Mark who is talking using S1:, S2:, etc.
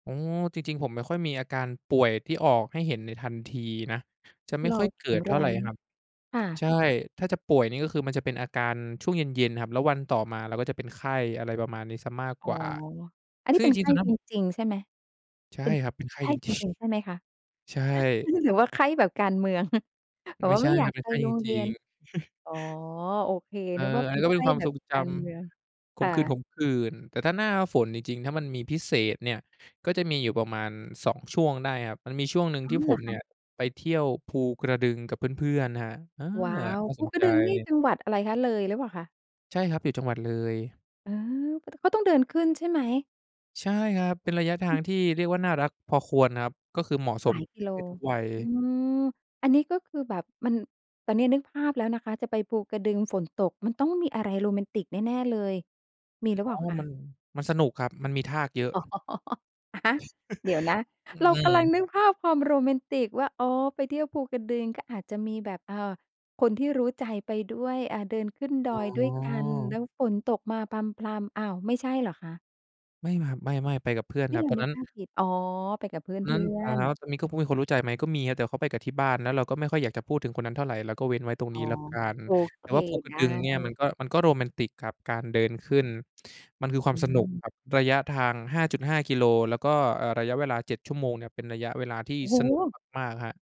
S1: อ๋อ จริง ๆ ผมไม่ค่อยมีอาการป่วยที่ออกให้เห็นในทันทีนะ จะไม่
S2: เร
S1: ค
S2: า
S1: ่อยเ
S2: แข
S1: กิ
S2: ็ง
S1: ด
S2: แ
S1: เท
S2: ร
S1: ่าไร
S2: งน
S1: ค
S2: ะ
S1: รับ
S2: ค่
S1: ใ
S2: ะ
S1: ช่ ถ้าจะป่วยนี่ก็คือมันจะเป็นอาการช่วงเย็น ๆ ครับ แล้ววันต่อมาเราก็จะเป็นไข้ อะไรประมาณนี้เสียมาก
S2: อ๋
S1: ก
S2: อ
S1: ว่า
S2: อันนี
S1: ซ
S2: ้
S1: ึ่ง
S2: เป
S1: จ
S2: ็นไ
S1: ร
S2: ข
S1: ิง ๆ
S2: ้
S1: ตอนนั้
S2: จ
S1: นผม
S2: ริง ๆ ใช่ไหม
S1: ใช่
S2: เป็น
S1: ครับ เป็นไข้
S2: ไข้
S1: จริง
S2: จ
S1: จริง
S2: ริง ๆ ใช่ไหมคะ?
S1: ใช่
S2: หรือว่าไข้แบบการเมือง แบบ
S1: ไม่
S2: ว่า
S1: ใช
S2: ไม
S1: ่
S2: ่อย
S1: ค
S2: า
S1: รั
S2: ก
S1: บ เป็
S2: ไ
S1: น
S2: ป
S1: ไข้
S2: โ
S1: จ
S2: รงเร
S1: ริ
S2: ีย
S1: ง
S2: น
S1: ๆ
S2: อ๋อ โอเค
S1: เออ
S2: นึกว่า
S1: อั
S2: เป
S1: น
S2: ็
S1: นี
S2: น
S1: ้ก็
S2: ไข
S1: เป็น
S2: ้
S1: ความ
S2: แบ
S1: ท
S2: บ
S1: รงจ
S2: การเมือง
S1: ำ ข
S2: ค่
S1: มขื
S2: ะ
S1: ่น ๆ แต่ถ้าหน้าฝนจริง ๆ ถ้ามันมีพิเศษเนี่ย ก็จะมีอยู่ประมาณ 2 ช่วงได้ครับ มันมีช่วงหนึ่ง
S2: อ้
S1: ท
S2: า
S1: ี่
S2: ว เ
S1: ผ
S2: หรอ
S1: ม
S2: ค
S1: เนี
S2: ะ
S1: ่ย ไปเที่ยวภูกระดึงกับเพื่อน ๆ ครับ เออ
S2: ว้าว!
S1: น่า
S2: ภ
S1: ส
S2: ู
S1: น
S2: กร
S1: ใ
S2: ะ
S1: จ
S2: ดึงนี่จังหวัดอะไรคะ เลยหรือเปล่าคะ?
S1: ใช่ครับ อยู่จังหวัดเลย
S2: อ๋อ ก ต ก็ต้องเดินขึ้นใช่ไหม?
S1: ใช่ครับ เป็นระยะทางที่เรียกว่า น่ารักพอควรนะครับ ก็คือเหมาะส
S2: หล
S1: ม
S2: าย
S1: ท
S2: ก
S1: ุ
S2: ิ
S1: ก
S2: โล
S1: เพศทุกวัย
S2: อืม อันนี้ก็คือแบบมัน ตอนเนี้ยนึกภาพแล้วนะคะ จะไปภูกระดึงฝนตก มันต้องมีอะไรโรแมนติกแน่ ๆ เลย มีหรือ
S1: อ
S2: เ
S1: ๋
S2: ป
S1: อ
S2: ล่าค
S1: ม
S2: ะ?
S1: ัน มันสนุกครับ มันมีทากเยอะ
S2: อ๋อ อะฮะ เดี๋ยวนะ
S1: อื
S2: เรากำลัง
S1: ม
S2: นึกภาพความโรแมนติกว่า อ๋อ ไปเที่ยวภูกระดึง ก็อาจจะมีแบบ อ่า คนที่รู้ใจไปด้วย อ่า เดินขึ้นด
S1: อ๋
S2: อยด้วยกันแ
S1: อ
S2: ล้วฝนตกมาพรำ ๆ อ้าว! ไม่ใช่เหรอคะ?
S1: ไม่ครับ ไม่ ๆ ไปกับเพื่อน
S2: เฮ่
S1: ครั
S2: ย
S1: บ
S2: เรา
S1: ตอน
S2: นึ
S1: นั
S2: ก
S1: ้น
S2: ภาพผิด อ๋อ! ไปกับเพ
S1: ตอนน
S2: ื
S1: ั้น
S2: ่อ
S1: อ่า
S2: น ๆ
S1: ตอนนี้ มีคนรู้ใจไหม ก็มีนะ แต่เขาไปกับที่บ้าน แล้วเราก็ไม่ค่อยอยากจะพูดถึงคนนั้นเท่าไร เราก็เว้นไว้ตรง
S2: อ๋
S1: น
S2: อ
S1: ี้แล้วกัน
S2: โอ
S1: แ
S2: เ
S1: ต
S2: ค
S1: ่ว่าภูกร
S2: ไ
S1: ะ
S2: ด
S1: ด
S2: ้
S1: ึงเนี่ย มันก็ มันก็โรแมนติกกับการเดินขึ้น มันคือควา
S2: อ
S1: มสนุก
S2: ืม
S1: กับระยะทาง 5.5 กิโล แล้วก็ อ่า ระยะเวลา 7 ชั่วโมงเนี่ย เป็นระยะเวลาที่
S2: โอ้
S1: ส
S2: โ
S1: นุก
S2: ฮ!
S1: มาก ๆ ครับ